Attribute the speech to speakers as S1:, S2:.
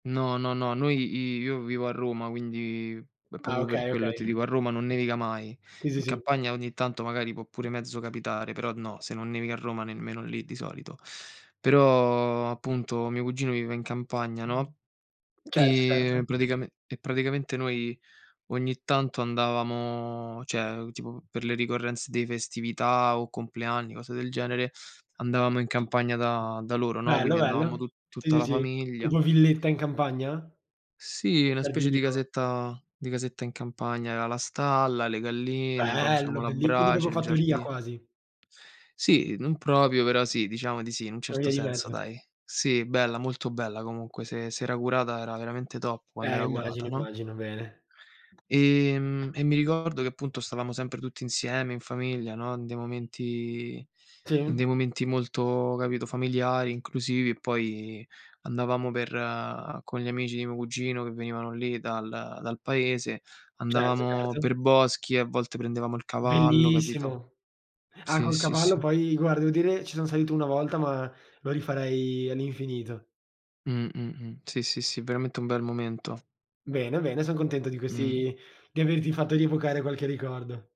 S1: No, no, no. Noi i io vivo a Roma, quindi è
S2: Ah
S1: proprio per
S2: okay,
S1: quello che ti
S2: okay.
S1: dico: a Roma non nevica mai.
S2: Sì, sì,
S1: In
S2: sì.
S1: campagna ogni tanto magari può pure mezzo capitare, però no, se non nevica a Roma, nemmeno lì di solito. Però appunto mio cugino vive in campagna, no,
S2: Certo, certo.
S1: e praticame e praticamente noi ogni tanto andavamo, cioè tipo per le ricorrenze di festività o compleanni, cose del genere, andavamo in campagna da da loro, no,
S2: Bello,
S1: quindi andavamo
S2: bello.
S1: tu
S2: Sì,
S1: tutta
S2: sì,
S1: la
S2: sì.
S1: famiglia.
S2: Tipo villetta in campagna?
S1: Sì,
S2: Col
S1: una specie di
S2: giardino.
S1: casetta di casetta in campagna, aveva la stalla, le galline, poi facevamo
S2: Bello!
S1: la
S2: Belli quindi
S1: brace,
S2: proprio
S1: il
S2: fattoria,
S1: giardino.
S2: quasi.
S1: Sì, non proprio però sì, diciamo di sì, in un
S2: Una
S1: certo
S2: via di
S1: senso,
S2: mezzo.
S1: dai. Sì, bella, molto bella comunque. Se se era curata era veramente top quando
S2: Eh,
S1: era curata,
S2: immagino
S1: no?
S2: immagino. Bene.
S1: Ehm, e mi ricordo che appunto stavamo sempre tutti insieme in famiglia, no, in dei momenti in
S2: Sì.
S1: dei momenti molto, capito, familiari, inclusivi e poi andavamo per con gli amici di mio cugino, che venivano lì dal dal paese,
S2: Certo,
S1: andavamo
S2: certo.
S1: per boschi e a volte prendevamo il cavallo, capito?
S2: Bellissimo. Ah,
S1: Sì,
S2: col
S1: sì,
S2: cavallo
S1: sì.
S2: poi, guarda, devo dire, ci sono salito una volta, ma lo rifarei all'infinito.
S1: Mh-mh-mh. Sì, sì, sì, veramente un bel momento.
S2: Bene bene, son contento di
S1: Mh.
S2: questi di averti fatto rievocare qualche ricordo.